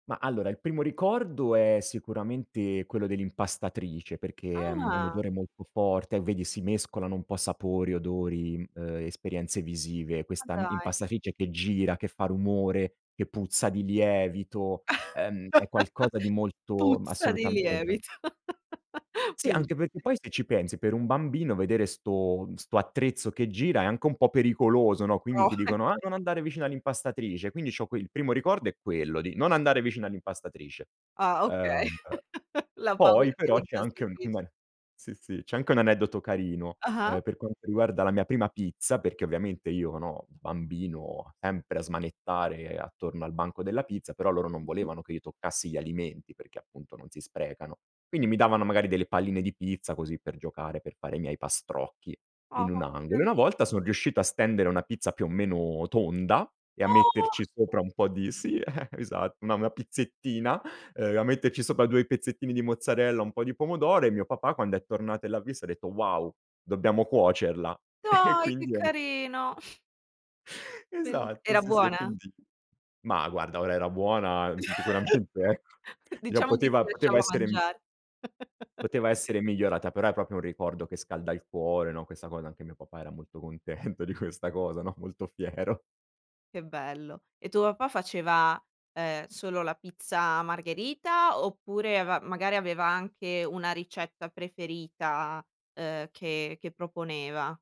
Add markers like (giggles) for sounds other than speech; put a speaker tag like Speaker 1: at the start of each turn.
Speaker 1: Ma allora il primo ricordo è sicuramente quello dell'impastatrice perché è, mhmm, un
Speaker 2: Ah.
Speaker 1: odore molto forte, o vedi si mescolano un po' sapori, odori, ehm, esperienze visive.
Speaker 2: Ma
Speaker 1: Questa, mhmm,
Speaker 2: dai.
Speaker 1: impastatrice che gira, che fa rumore, che puzza di lievito, ehm, è qualcosa di
Speaker 2: (chuckles)
Speaker 1: molto
Speaker 2: Puzza di
Speaker 1: assolutamente.
Speaker 2: lievito. (chuckles)
Speaker 1: Sì, anche perché
Speaker 2: Bellissi
Speaker 1: poi se ci pensi per un bambino vedere 'sto mhmm, 'sto attrezzo che gira è anche un po' pericoloso no, quindi
Speaker 2: Oh,
Speaker 1: ti dicono:
Speaker 2: ecco.
Speaker 1: "Ah non andare vicino all'impastatrice." Quindi c'ho qui il primo ricordo è quello di non andare vicino all'impastatrice
Speaker 2: Ah okay,
Speaker 1: Ehm,
Speaker 2: (chuckles) la paura
Speaker 1: poi però c'è anche un
Speaker 2: dell'impastatrice.
Speaker 1: sì, sì, c'è anche un aneddoto carino, ehm,
Speaker 2: Ah-ah.
Speaker 1: per quanto riguarda la mia prima pizza, perché ovviamente io no, bambino sempre a smanettare attorno al banco della pizza, però loro non
Speaker 2: Mh-mh.
Speaker 1: volevano che io toccassi gli alimenti, perché appunto non si sprecano.
Speaker 2: Mh.
Speaker 1: Quindi mi davano magari delle palline di pizza così per giocare, per fare i miei pastrocchi
Speaker 2: Ah,
Speaker 1: in un
Speaker 2: oh che
Speaker 1: angolo, e
Speaker 2: cari
Speaker 1: una volta son riuscito a stendere una pizza più o meno tonda e a
Speaker 2: Oh!
Speaker 1: metterci sopra un po' di sì, (giggles) esatto, una una pizzettina, ehm, a metterci sopra 2 pezzettini di mozzarella, un po' di pomodoro, e mio papà quando è tornato e l'ha visto ha detto: "Wow, dobbiamo cuocerla." E
Speaker 2: Dai che
Speaker 1: quindi è un
Speaker 2: carino. (blows air) Bel
Speaker 1: Esatto,
Speaker 2: era
Speaker 1: sì sì, e
Speaker 2: buona?
Speaker 1: quindi Ma guarda, ora era buona, mhmm, sicuramente, ecco.
Speaker 2: (chuckles)
Speaker 1: Gli a
Speaker 2: Diciamo che si
Speaker 1: poteva poteva
Speaker 2: lasciava
Speaker 1: essere mi
Speaker 2: mangiare. (chuckles)
Speaker 1: poteva essere migliorata, però è proprio un ricordo che scalda il cuore no questa cosa, anche mio papà era molto contento di questa cosa no, molto fiero.
Speaker 2: Che bello, e tuo papà faceva, uhm, solo la pizza margherita, oppure ava magari aveva anche una ricetta preferita, uhm, che che proponeva?